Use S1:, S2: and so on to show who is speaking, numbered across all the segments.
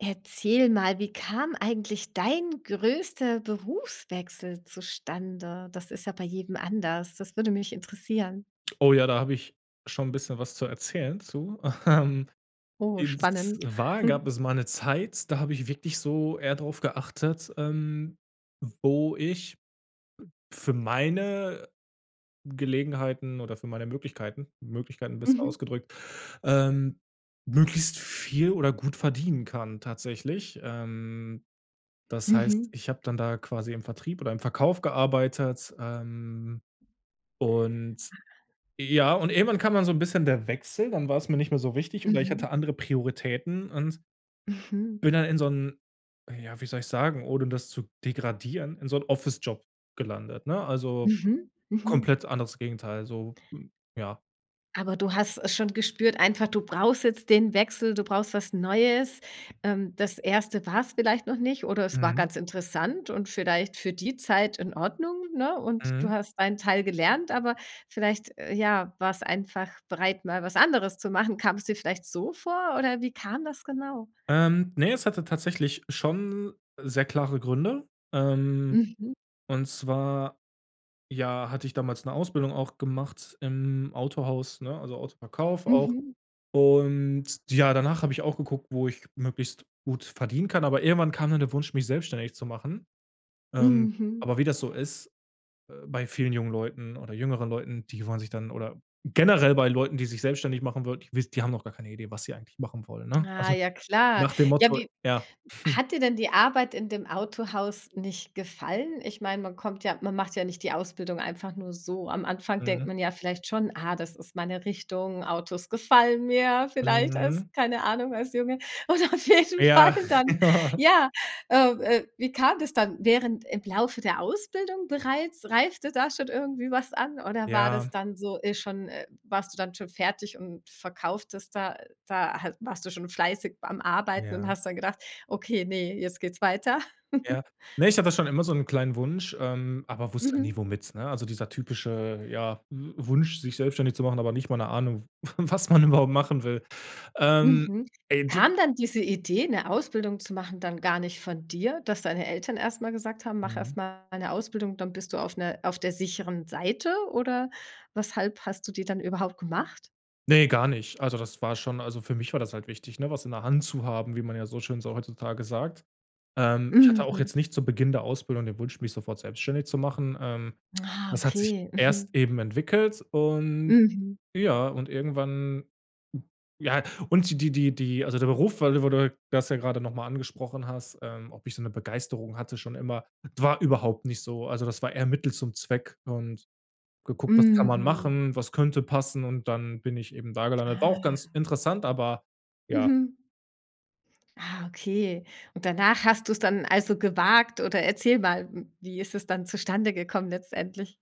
S1: Erzähl mal, wie kam eigentlich dein größter Berufswechsel zustande? Das ist ja bei jedem anders. Das würde mich interessieren.
S2: Oh, ja, da habe ich schon 'n bisschen was zu erzählen zu. Ähm,
S1: Oh,
S2: und
S1: spannend.
S2: zwar gab es mal eine Zeit, da habe ich wirklich so eher drauf geachtet, ähm, wo ich für meine, Gelegenheiten oder für meine Möglichkeiten Möglichkeiten besser
S1: Mhm.
S2: ausgedrückt, ähm, möglichst viel oder gut verdienen kann tatsächlich. Ähm, das heißt,
S1: Mhm.
S2: ich habe dann da quasi im Vertrieb oder im Verkauf gearbeitet. Ähm, und ja, und irgendwann kam dann so 'n bisschen der Wechsel, dann war's mir nicht mehr so wichtig oder ich
S1: Mhm.
S2: hatte andere Prioritäten und
S1: Mhm.
S2: bin dann in so 'n ja, wie soll ich sagen, ohne das zu degradieren, in so 'n Office Job gelandet, ne? Also,
S1: Mhm. Mhm.
S2: komplett anderes Gegenteil so, ja.
S1: Aber du hast es schon gespürt einfach, du brauchst jetzt den Wechsel, du brauchst was Neues. Ähm, das 1. war's vielleicht noch nicht oder es war
S2: Mhm.
S1: ganz interessant und vielleicht für die Zeit in Ordnung, ne? Und du
S2: Mhm.
S1: hast deinen Teil gelernt, aber vielleicht, äh, ja, warst einfach bereit, mal was anderes zu machen. Kam's dir vielleicht so vor oder wie kam das genau?
S2: Ähm, ne, es hatte tatsächlich schon sehr klare Gründe. Ähm,
S1: Mhm.
S2: und zwar, ja, hatte ich damals 'ne Ausbildung auch gemacht im Autohaus, ne, also, Autoverkauf auch.
S1: Mhm.
S2: Und ja, danach habe ich auch geguckt, wo ich möglichst gut verdienen kann, aber irgendwann kam dann der Wunsch, mich selbstständig zu machen. Ähm,
S1: Mhm.
S2: aber wie das so ist, äh, bei vielen jungen Leuten oder jüngeren Leuten, die wollen sich dann oder generell bei Leuten, die sich selbstständig machen würden. Die wiss die haben doch gar keine Idee, was sie eigentlich machen wollen, ne?
S1: Ah
S2: Also,
S1: ja, klar.
S2: nach dem
S1: Ja,
S2: Motto,
S1: wie
S2: ja.
S1: hat dir denn die Arbeit in dem Autohaus nicht gefallen? Ich meine, man kommt ja man macht ja nicht die Ausbildung einfach nur so. Am Anfang denkt
S2: Mhm.
S1: man ja vielleicht schon: „Ah, das ist meine Richtung, Autos gefallen mir“, vielleicht als
S2: Mhm.
S1: keine Ahnung als Junge. Oder auf jeden Fall
S2: Ja.
S1: dann,
S2: Ja.
S1: ja, äh, äh, wie kam das dann während im Laufe der Ausbildung bereits, reifte da schon irgendwie was an oder war das
S2: Ja.
S1: dann so e schon äh, warst du dann schon fertig und verkauftest da da halt warst du schon fleißig beim Arbeiten und
S2: Ja.
S1: hast dann gedacht: „Okay, ne, jetzt geht's weiter.“
S2: Ja. Ne, ich habe das schon immer so 'nen kleinen Wunsch, ähm, aber wusste nie
S1: Mhm.
S2: womit, ne? Also, dieser typische ja W Wunsch, sich selbstständig zu machen, aber nicht mal 'ne Ahnung, W was man überhaupt machen will. Ähm,
S1: Mhm.
S2: [unintelligible]
S1: Kam dann diese Idee, 'ne Ausbildung zu machen, dann gar nicht von dir, dass deine Eltern erst mal gesagt haben: „Mach
S2: Mhm.
S1: erst mal 'ne Ausbildung, dann bist du auf 'ner auf der sicheren Seite“, oder weshalb hast du die dann überhaupt gemacht?
S2: Ne, gar nicht. Also, das war schon also, für mich war das halt wichtig, ne, was in der Hand zu haben, wie man ja so schön so heutzutage sagt. Ähm, ich hatte auch
S1: Mhm.
S2: jetzt nicht zu Beginn der Ausbildung den Wunsch mich sofort selbstständig zu machen. Ähm,
S1: Ah,
S2: das hat sich
S1: okay.
S2: erst
S1: Mhm.
S2: eben entwickelt und
S1: Mhm.
S2: ja und irgendwann ja und die die die die also, der Beruf, weil du wo du das ja grade noch mal angesprochen hast, ähm, ob ich so 'ne Begeisterung hatte schon immer. D war überhaupt nicht so. Also, das war eher Mittel zum Zweck und geguckt: Was kann man
S1: Mhm.
S2: machen? Was könnte passen? Und dann bin ich eben da gelandet. War auch ganz
S1: Ah.
S2: interessant, aber ja.
S1: Mhm. Ah, okay. Und danach hast du's dann also, gewagt oder erzähl mal, wie ist es dann zustande gekommen letztendlich?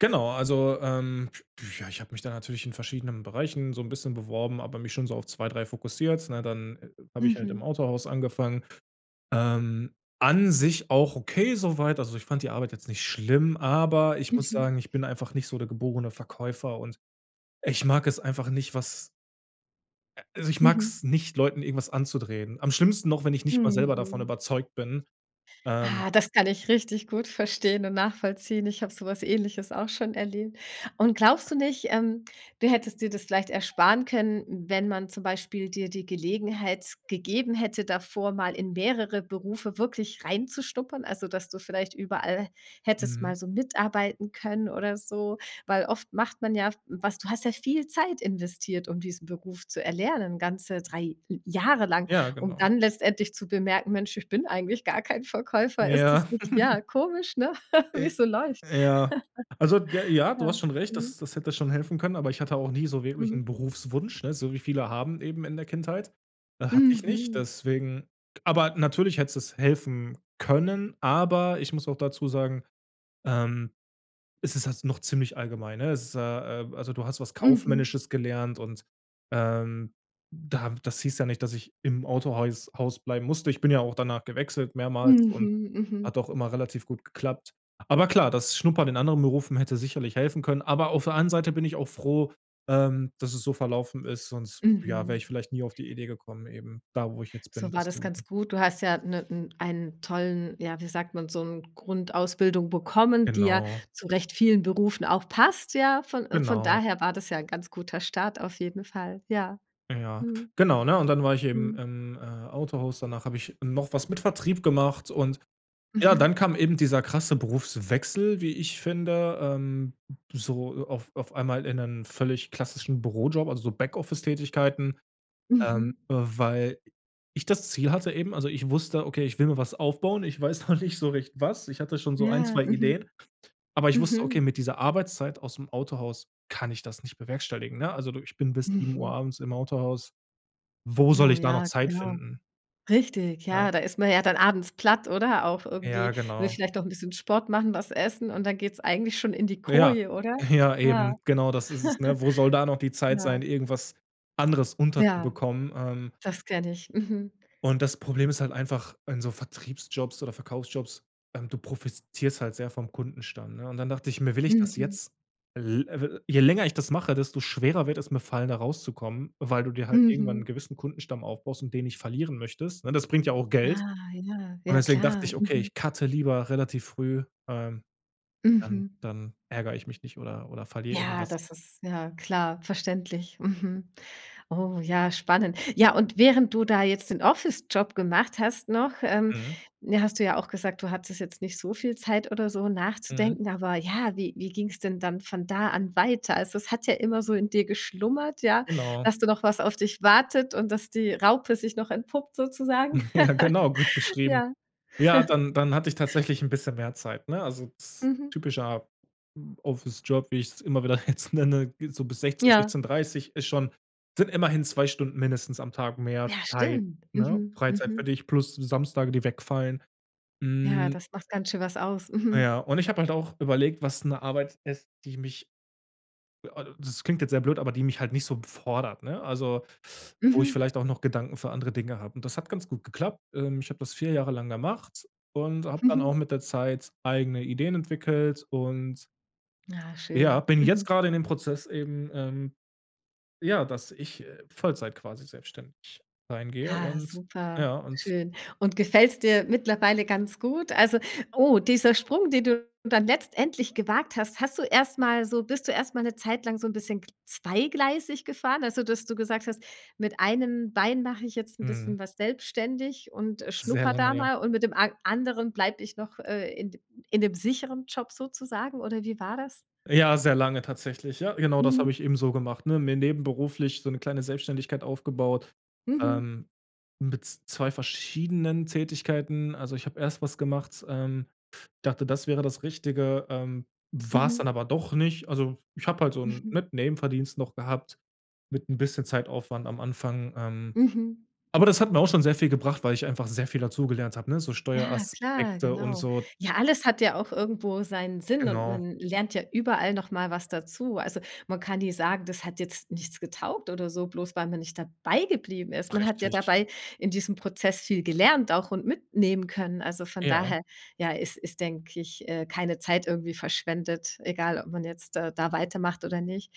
S2: Genau, also, ähm, du, ja, ich habe mich da natürlich in verschiedenen Bereichen so 'n bisschen beworben, aber mich schon so auf 2, 3 fokussiert, ne? Dann habe ich halt im
S1: Mhm.
S2: Autohaus angefangen. Ähm, an sich auch okay so weit, also, ich fand die Arbeit jetzt nicht schlimm, aber ich muss
S1: Mhm.
S2: sagen, ich bin einfach nicht so der geborene Verkäufer und ich mag es einfach nicht, was a also, ich
S1: Mhm.
S2: mag's nicht, Leuten irgendwas anzudrehen. Am schlimmsten noch, wenn ich nicht mal selber davon
S1: Mhm.
S2: überzeugt bin. Ähm
S1: Ah, das kann ich richtig gut verstehen und nachvollziehen. Ich habe so was Ähnliches auch schon erlebt. Und glaubst du nicht, ähm, du hättest dir das vielleicht ersparen können, wenn man zum Beispiel dir die Gelegenheit gegeben hätte, davor mal in mehrere Berufe wirklich reinzuschnuppern? Also, dass du vielleicht überall, hättest
S2: Mhm.
S1: mal so mitarbeiten können oder so. Weil oft macht man ja, was du hast ja viel Zeit investiert, um diesen Beruf zu erlernen ganze 3 l Jahre lang,
S2: Ja,
S1: um
S2: genau.
S1: dann letztendlich zu bemerken: „Mensch, ich bin eigentlich gar kein Verkäufer.“ Ist das
S2: Ja.
S1: nicht, ja, komisch, ne?
S2: I
S1: Wie's so läuft?
S2: ja. Also, d ja, ja, du
S1: Ja.
S2: hast schon recht,
S1: Mhm.
S2: das das hätte schon helfen können, aber ich hatte auch nie so wirklich
S1: Mhm.
S2: 'n Berufswunsch, ne? So wie viele haben eben in der Kindheit. Hatte ich nicht,
S1: Mhm.
S2: deswegen aber natürlich hätte es helfen können. Aber ich muss auch dazu sagen, ähm, es ist halt noch ziemlich allgemein, ne? Es ist ja, ähm also, du hast was
S1: Mhm.
S2: Kaufmännisches gelernt und, ähm, da das hieß ja nicht, dass ich im Autohäus Haus bleiben musste. Ich bin ja auch danach gewechselt mehrmals und
S1: Mhm.
S2: hat
S1: Mhm.
S2: auch immer relativ gut geklappt. Aber klar, das Schnuppern in anderen Berufen hätte sicherlich helfen können. Aber auf der anderen Seite bin ich auch froh, ähm, dass es so verlaufen ist, sonst ja, wäre
S1: Mhm.
S2: ich vielleicht nie auf die Idee gekommen eben, da, wo ich jetzt
S1: So
S2: bin,
S1: war
S2: das zu
S1: das ganz
S2: machen.
S1: gut. Du hast ja, ne n einen tollen ja, wie sagt man, so 'n Grundausbildung bekommen, die ja
S2: Genau.
S1: zurecht vielen Berufen auch passt, ja. Von von
S2: Genau.
S1: daher war das ja 'n ganz guter Start auf jeden Fall, ja.
S2: Ja
S1: Mhm.
S2: genau, ne? Und dann war ich eben
S1: Mhm.
S2: im, äh, Autohaus. Danach habe ich noch was mit Vertrieb gemacht und ja, dann
S1: Mhm.
S2: kam eben dieser krasse Berufswechsel, wie ich finde, ähm, so auf auf einmal in einen völlig klassischen Bürojob, also, so Backoffice-Tätigkeiten, ähm,
S1: Mhm.
S2: weil ich das Ziel hatte eben also, ich wusste: „Okay, ich will mir was aufbauen. Ich weiß noch nicht so recht was.“ Ich hatte schon so 1,
S1: Ja.
S2: 2
S1: Mhm.
S2: Ideen. Aber ich wusste: „Okay,
S1: Mhm.
S2: mit dieser Arbeitszeit ausm Autohaus kann ich das nicht bewerkstelligen“, ne? Also, du ich bin bis 19:00
S1: Mhm.
S2: abends im Autohaus. Wo soll
S1: Oh,
S2: ich da noch
S1: ja,
S2: Zeit
S1: klar.
S2: finden?
S1: Richtig,
S2: Ja.
S1: ja. Da ist man ja dann abends platt oder auch
S2: Ja,
S1: irgendwie, will
S2: genau.
S1: vielleicht auch 'n bisschen Sport machen, was essen und dann geht's eigentlich schon in die
S2: Ja.
S1: Koje, oder?
S2: Ja,
S1: Ja.
S2: eben. Genau, das ist es, ne? Wo soll da noch die Zeit
S1: Ja.
S2: sein, irgendwas anderes
S1: Ja.
S2: unterzubekommen. Ähm
S1: Das kenne ich. Mhm.
S2: Und das Problem ist halt einfach, in so Vertriebsjobs oder Verkaufsjobs, ähm, du profitierst halt sehr vom Kundenstamm, ne? Und dann dacht ich, mir: „Will ich das
S1: Mhm.
S2: jetzt?“ L we je länger ich das mache, desto schwerer wird es mir fallen da rauszukommen, weil du dir halt irgendwann 'n
S1: Mhm.
S2: gewissen Kundenstamm aufbaust und den nicht verlieren möchtest, ne? Das bringt ja auch Geld.
S1: Ah, ja,
S2: Und
S1: ja
S2: deswegen dachte
S1: klar.
S2: ich: „Okay,
S1: Mhm.
S2: ich cutte lieber relativ früh, ähm, dann
S1: Mhm.
S2: dann ärger ich mich nicht oder oder verliere
S1: Ja,
S2: irgendwas.“
S1: das ist ja klar, verständlich. Mhm. Oh, ja, spannend. Ja, und während du da jetzt den Office-Job gemacht hast noch, ähm,
S2: Mhm.
S1: ne, hast du ja auch gesagt, du hattest jetzt nicht so viel Zeit oder so
S2: Mhm.
S1: nachzudenken, aber ja, wie wie ging's denn dann von da an weiter? Also, es hat ja immer so in dir geschlummert, ja,
S2: Genau.
S1: dass du noch was auf dich wartet und dass die Raupe sich noch entpuppt sozusagen.
S2: Ja, genau, gut beschrieben.
S1: Ja.
S2: Ja, dann dann hatte ich tatsächlich 'n bisschen mehr Zeit, ne? Also, das
S1: Mhm.
S2: typischer Office-Job, wie ich's immer wieder jetzt nenne, ge so bis 16:00
S1: Ja.
S2: 16:30 ist schon sind immerhin 2 Stunden mindestens am Tag mehr
S1: Ja,
S2: Zeit,
S1: stimmt.
S2: ne?
S1: Mhm.
S2: Freizeit für
S1: Mhm.
S2: dich plus die Samstage, die wegfallen.
S1: Ja,
S2: Hm.
S1: das macht ganz schön was aus.
S2: Na
S1: Mhm.
S2: ja, und ich habe halt auch überlegt, was 'ne Arbeit ist, die mich [unintelligible] das klingt jetzt sehr blöd, aber die mich halt nicht so fordert, ne? Also, wo ich
S1: Mhm.
S2: vielleicht auch noch Gedanken für andere Dinge habe. Und das hat ganz gut geklappt. Ähm, ich habe das 4 Jahre lang gemacht und habe dann auch
S1: Mhm.
S2: mit der Zeit eigene Ideen entwickelt und
S1: Na,
S2: ja,
S1: schön.
S2: bin jetzt
S1: Mhm.
S2: grade in dem Prozess eben, ähm, ja, dass ich Vollzeit quasi selbstständig reingehe.
S1: Ah,
S2: Und
S1: super,
S2: ja und
S1: schön. Und gefällt's dir mittlerweile ganz gut? Also, oh, dieser Sprung, den du dann letztendlich gewagt hast, hast du erst mal so bist du erst mal 'ne Zeit lang so 'n bisschen gl zweigleisig gefahren? Also, dass du gesagt hast: „Mit einem Bein mache ich jetzt 'n
S2: Mhm.
S1: bisschen was selbstständig und, äh,
S2: Sehr
S1: schnuppere
S2: lange,
S1: da
S2: ja.
S1: mal und mit dem an anderen bleibe ich noch, äh, in d in dem sicheren Job“, sozusagen oder wie war das?
S2: Ja, sehr lange tatsächlich. Ja, genau das habe
S1: Mhm.
S2: ich eben so gemacht, ne? Mir nebenberuflich so 'ne kleine Selbstständigkeit aufgebaut.
S1: Mhm.
S2: Ähm, mit 2 verschiedenen Tätigkeiten. Also, ich habe erst was gemacht ähm, dachte, das wäre das Richtige, ähm, war's
S1: Mhm.
S2: dann aber doch nicht. Also, ich habe halt so 'n,
S1: Mhm.
S2: mit Nebenverdienst noch gehabt mit 'n bisschen Zeitaufwand am Anfang. Ähm,
S1: Mhm.
S2: aber das hat mir auch schon sehr viel gebracht, weil ich einfach sehr viel dazugelernt habe, ne? So
S1: Ja, klar,
S2: Steueraspekte und
S1: genau.
S2: so
S1: Ja, alles hat ja auch irgendwo seinen Sinn und
S2: Genau.
S1: man lernt ja überall noch mal was dazu. Also, man kann nie sagen: Das hat jetzt nichts getaugt oder so, bloß weil man nicht dabei geblieben ist. Man hat ja
S2: Richtig.
S1: dabei in diesem Prozess viel gelernt auch und mitnehmen können. Also, von
S2: Ja.
S1: daher, ja, ist ist, denke ich, äh, keine Zeit irgendwie verschwendet, egal, ob man jetzt, äh, da weitermacht oder nicht.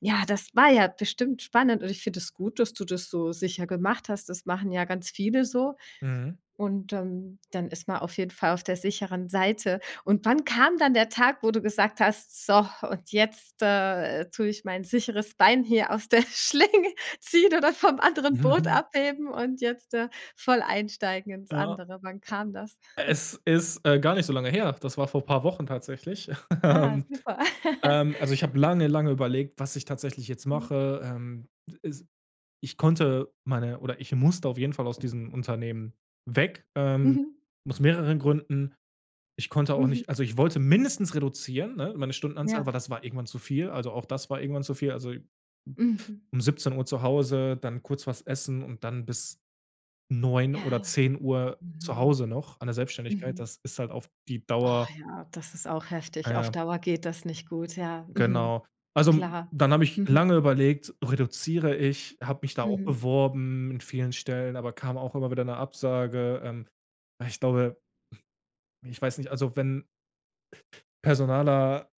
S1: Ja, das war ja bestimmt spannend und ich finde das gut, dass du das so sicher gemacht hast. Das machen ja ganz viele so.
S2: Mhm.
S1: Und, ähm, dann ist man auf jeden Fall auf der sicheren Seite. Und wann kam dann der Tag, wo du gesagt hast: „So, und jetzt, äh, tue ich mein sicheres Bein hier aus der Schlinge, ziehen oder vom anderen Boot
S2: Mhm.
S1: abheben und jetzt, äh, voll einsteigen ins
S2: Ja.
S1: andere.“ Wann kam das?
S2: Es ist, äh, gar nicht so lange her. Das war vor paar Wochen tatsächlich,
S1: Ah,
S2: ähm.
S1: super.
S2: Ähm, also, ich habe lange, lange überlegt, was ich tatsächlich jetzt
S1: Mhm.
S2: mache. Ähm, s ich konnte meine oder ich musste auf jeden Fall aus diesem Unternehmen weg, ähm,
S1: Mhm.
S2: aus mehreren Gründen. Ich konnte auch
S1: Mhm.
S2: nicht also, ich wollte mindestens reduzieren, ne, meine Stundenanzahl, weil
S1: Ja.
S2: das war irgendwann zu viel. Also, auch das war irgendwann zu viel. Also,
S1: Mhm.
S2: um 17:00 zu Hause, dann kurz was essen und dann bis 21:00
S1: Ja.
S2: oder 22:00 zu
S1: Mhm.
S2: Hause noch an der Selbstständigkeit.
S1: Mhm.
S2: Das ist halt auf die
S1: Oh,
S2: Dauer
S1: ja, das ist auch heftig. Auf
S2: Ja.
S1: Dauer geht das nicht gut, ja. Mhm.
S2: Genau. Also,
S1: Klar.
S2: dann habe ich
S1: Mhm.
S2: lange überlegt: „Reduziere ich?“, habe mich da auch
S1: Mhm.
S2: beworben in vielen Stellen, aber kam auch immer wieder 'ne Absage. Ähm, ich glaube ich weiß nicht, also, wenn personaler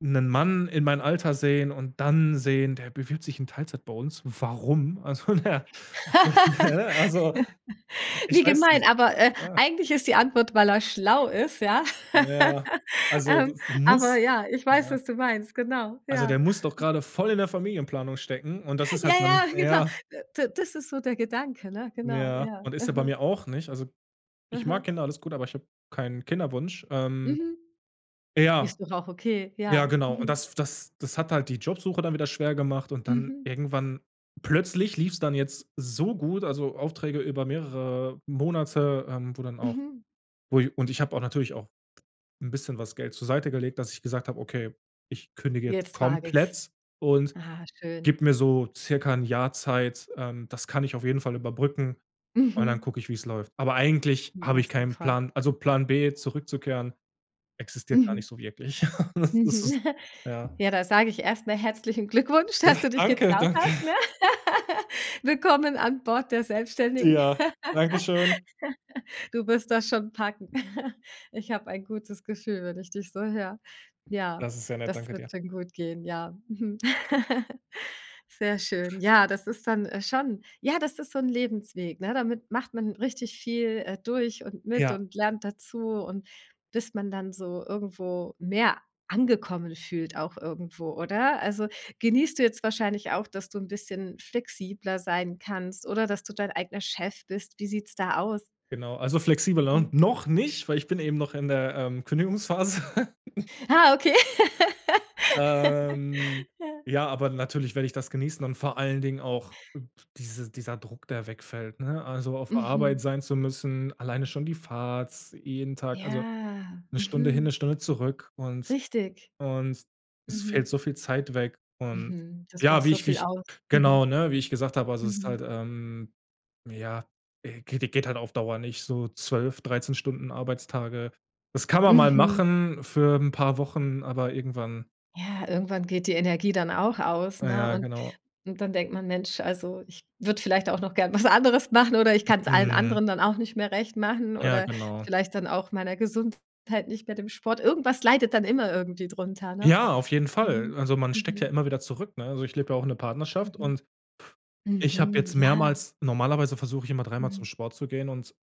S2: 'nen Mann in meinen Alter sehen und dann sehen: „Der bewirbt sich in Teilzeit bei uns, warum?“ Also, der ne, also ich
S1: Wie
S2: weiß
S1: gemein,
S2: nicht.
S1: aber, äh,
S2: Ja.
S1: eigentlich ist die Antwort, weil er schlau ist, ja?
S2: Na ja, also,
S1: Ähm,
S2: das
S1: aber
S2: muss
S1: ja, ich weiß,
S2: ja.
S1: was du meinst, genau,
S2: Also, der
S1: ja.
S2: muss doch grade voll in der Familienplanung stecken und das ist
S1: Ja,
S2: halt bei mir
S1: ja, genau.
S2: ja.
S1: D das ist so der Gedanke, ne? Genau,
S2: Ja
S1: ja.
S2: und ist er bei
S1: Mhm.
S2: mir auch nicht. Also, ich mag
S1: Mhm.
S2: Kinder alles gut, aber ich habe keinen Kinderwunsch. Ähm,
S1: Mhm.
S2: ja.
S1: Ist doch auch okay,
S2: Ja,
S1: ja.
S2: genau. Und
S1: Mhm.
S2: das das das hat halt die Jobsuche dann wieder schwer gemacht. Und dann
S1: Mhm.
S2: irgendwann plötzlich lief's dann jetzt so gut, also, Aufträge über mehrere Monate, ähm, wo dann auch,
S1: Mhm.
S2: wo ich und ich habe auch natürlich auch 'n bisschen was Geld zur Seite gelegt, dass ich gesagt habe: „Okay, ich kündige jetzt
S1: Jetzt wage ich's.
S2: komplett und
S1: Ah, schön.
S2: gebe mir so circa 'n Jahr Zeit.“ Ähm, das kann ich auf jeden Fall überbrücken und dann
S1: Mhm.
S2: gucke ich, wie's läuft. Aber eigentlich habe
S1: Na
S2: ich keinen
S1: super.
S2: Plan also, Plan B zurückzukehren existiert gar
S1: Mhm.
S2: nicht so wirklich. Das ist
S1: Mhm.
S2: ja.
S1: Ja, da sage ich erst mal herzlichen Glückwunsch, dass
S2: Da
S1: du dich
S2: Danke,
S1: getraut
S2: danke.
S1: hast, ne? Willkommen an Bord der Selbstständigen.
S2: Ja, danke schön.
S1: Du wirst das schon packen. Ich habe ein gutes Gefühl, wenn ich dich so höre. Ja,
S2: Das ist sehr nett,
S1: das
S2: danke dir.
S1: wird schon gut gehen, ja, Sehr schön. Ja, das ist dann, äh, schon ja, das ist so 'n Lebensweg, ne? Damit macht man richtig viel, äh, durch und mit
S2: Ja.
S1: und lernt dazu und bis man dann so irgendwo mehr angekommen fühlt auch irgendwo, oder? Also, genießt du jetzt wahrscheinlich auch, dass du 'n bisschen flexibler sein kannst oder dass du dein eigener Chef bist? Wie sieht's da aus?
S2: Genau, also, flexibler,
S1: Mhm.
S2: noch nicht, weil ich bin eben noch in der, ähm, Kündigungsphase.
S1: Ah, okay.
S2: Ähm,
S1: Ja.
S2: ja, aber natürlich werde ich das genießen und vor allen Dingen auch diese dieser Druck, der wegfällt, ne? Also, auf Arbeit
S1: Mhm.
S2: sein zu müssen, alleine schon die Fahrt, jeden Tag, also,
S1: Ja.
S2: 1 Stunde hin, 1
S1: Mhm.
S2: Stunde zurück und
S1: Richtig.
S2: und es fällt
S1: Mhm.
S2: so viel Zeit weg. Und
S1: Mhm. Das
S2: ja,
S1: macht
S2: wie
S1: so
S2: ich wie
S1: viel
S2: ich,
S1: aus.
S2: genau,
S1: Mhm.
S2: ne? Wie ich gesagt habe, also, es ist
S1: Mhm.
S2: halt, ähm, ja, geht geht halt auf Dauer nicht so 12, 13 Stunden Arbeitstage. Das kann man mal
S1: Mhm.
S2: machen für 'n paar Wochen, aber irgendwann
S1: Ja, irgendwann geht die Energie dann auch aus,
S2: Ja,
S1: ne?
S2: ja,
S1: Und
S2: genau.
S1: dann denkt man: „Mensch, also, ich würde vielleicht auch noch gern was anderes machen oder ich kann's allen
S2: Mhm.
S1: anderen dann auch nicht mehr recht machen
S2: Ja,
S1: oder
S2: genau.
S1: vielleicht dann auch meiner Gesundheit, nicht mehr dem Sport.“ Irgendwas leidet dann immer irgendwie drunter, ne?
S2: Ja, auf jeden Fall.
S1: Mhm,
S2: Also, man steckt ja
S1: mhm.
S2: immer wieder zurück, ne? Also, ich lebe ja auch in 'ner Partnerschaft
S1: Mhm.
S2: und ich habe
S1: Mhm.
S2: jetzt
S1: Ja.
S2: mehrmals normalerweise versuche ich immer dreimal zum
S1: Mhm.
S2: Sport zu gehen und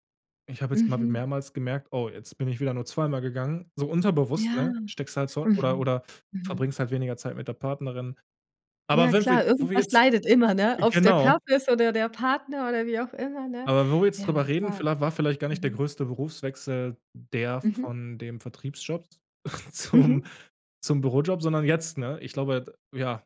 S2: ich habe jetzt immer
S1: Mhm.
S2: mehrmals gemerkt: „Oh, jetzt bin ich wieder nur zweimal gegangen.“ So unterbewusst,
S1: Ja.
S2: ne? Steckst halt zurück oder
S1: Mhm.
S2: oder
S1: Mhm.
S2: verbringst halt weniger Zeit mit der Partnerin.
S1: Ja,
S2: Aber
S1: ja
S2: wenn wir
S1: klar,
S2: wo wir
S1: irgendwas
S2: jetzt
S1: leidet immer, ne? Ob's der
S2: genau.
S1: Körper ist oder der der Partner oder wie auch immer, ne?
S2: Aber wo wir jetzt
S1: Ja, na
S2: drüber reden,
S1: klar.
S2: vielleicht war vielleicht gar nicht der
S1: Mhm.
S2: größte Berufswechsel der
S1: Mhm.
S2: von dem Vertriebsjob zum
S1: Mhm.
S2: zum Bürojob, sondern jetzt, ne? Ich glaube, d ja.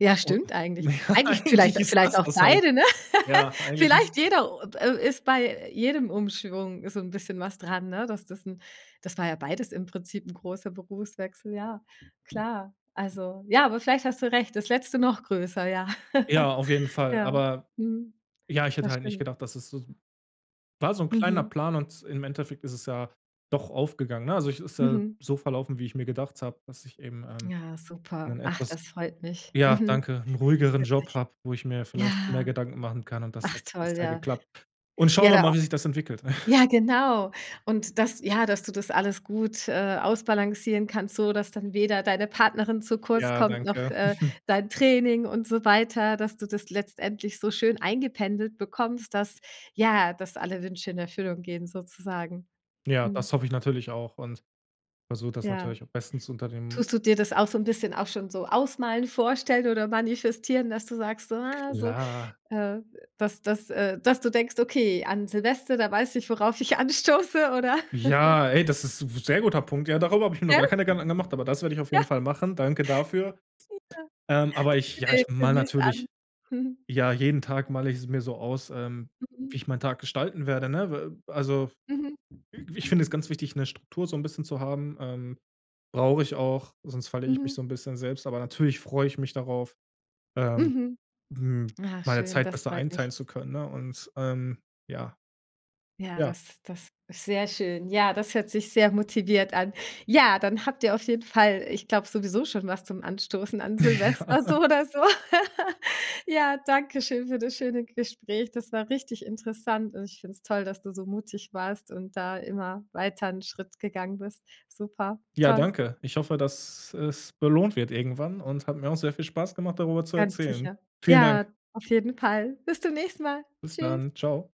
S1: Ja,
S2: Un
S1: stimmt eigentlich.
S2: ja,
S1: Eigentlich vielleicht
S2: eigentlich ist
S1: vielleicht
S2: das,
S1: auch
S2: das Haupt
S1: beide, ne?
S2: ja, eigentlich ist
S1: Vielleicht jeder oh, äh, ist bei jedem Umschwung so 'n bisschen was dran, ne? Dass das 'n das war ja beides im Prinzip 'n großer Berufswechsel, ja. Klar, also, ja, aber vielleicht hast du recht, das letzte noch größer, ja.
S2: Ja, auf jeden Fall.
S1: Ja,
S2: Aber
S1: mhm,
S2: ja, ich hätte
S1: Das
S2: halt nicht
S1: stimmt.
S2: gedacht, das ist s so, war so 'n kleiner
S1: Mhm.
S2: Plan und im Endeffekt ist es ja doch aufgegangen, ne? Also, ich ist ja
S1: Mhm.
S2: so verlaufen, wie ich mir gedacht habe, dass ich eben, ähm,
S1: Ja, super.
S2: in
S1: Ach, das
S2: etwas
S1: freut mich.
S2: ja,
S1: Mhm.
S2: danke, 'n ruhigeren Job
S1: [unintelligible]
S2: habe, wo ich mir vielleicht mehr
S1: Ja.
S2: Gedanken machen kann und das
S1: Ach
S2: hat
S1: toll,
S2: bisher
S1: ja.
S2: geklappt. Und schauen
S1: Ja,
S2: wir
S1: da auch
S2: mal, wie sich das entwickelt.
S1: ja, genau. Und dass ja dass du das alles gut, äh, ausbalancieren kannst, so dass dann weder deine Partnerin zu kurz
S2: Ja,
S1: kommt, noch,
S2: danke.
S1: äh, dein Training und so weiter, dass du das letztendlich so schön eingependelt bekommst, dass ja, dass alle Wünsche in Erfüllung gehen sozusagen.
S2: Ja,
S1: Mhm.
S2: das hoffe ich natürlich auch und versuche das
S1: Ja.
S2: natürlich am besten zu unter dem
S1: Tust du dir das auch so 'n bisschen auch schon so ausmalen, vorstellen oder manifestieren, dass du sagst, so, ah, so,
S2: Klar.
S1: äh, dass dass äh, dass du denkst: „Okay, an Silvester, da weiß ich, worauf ich anstoße“ oder
S2: Ja, ey, das ist sehr guter Punkt. Ja, darüber habe ich mir noch
S1: Ja.
S2: gar keine Gedanken angemacht, aber das werde ich auf jeden
S1: Ja.
S2: Fall machen. Danke dafür.
S1: Ja.
S2: Ähm, aber ich ja, ich
S1: [unintelligible]
S2: mal
S1: demnächst an.
S2: natürlich ja, jeden Tag male ich's mir so aus, ähm,
S1: Mhm.
S2: wie ich meinen Tag gestalten werde, ne? W also,
S1: Mhm.
S2: ich finde es ganz wichtig, 'ne Struktur, so 'n bisschen zu haben, ähm, brauche ich auch, sonst verliere ich mich so
S1: Mhm.
S2: 'n bisschen selbst, aber natürlich freue ich mich darauf, ähm,
S1: Mhm.
S2: hm, meine
S1: Schön,
S2: Zeit
S1: das
S2: besser
S1: freut
S2: einteilen
S1: mich.
S2: zu können, ne? Und, ähm ja.
S1: Ja,
S2: Ja.
S1: das das ist sehr schön. Ja, das hört sich sehr motiviert an. Ja, dann habt ihr auf jeden Fall, ich glaube, sowieso schon was zum Anstoßen an Silvester
S2: Ja.
S1: so oder so. Ja, danke schön für das schöne Gespräch. Das war richtig interessant und ich finde es toll, dass du so mutig warst und da immer weiter 'n Schritt gegangen bist. Super,
S2: Ja,
S1: toll.
S2: danke. Ich hoffe, dass es belohnt wird irgendwann und hat mir auch sehr viel Spaß gemacht, darüber zu
S1: Ganz
S2: erzählen.
S1: sicher.
S2: Vielen Dank.
S1: Ja, auf jeden Fall. Bis zum nächsten Mal.
S2: Bis
S1: Tschüss.
S2: dann. Tschau.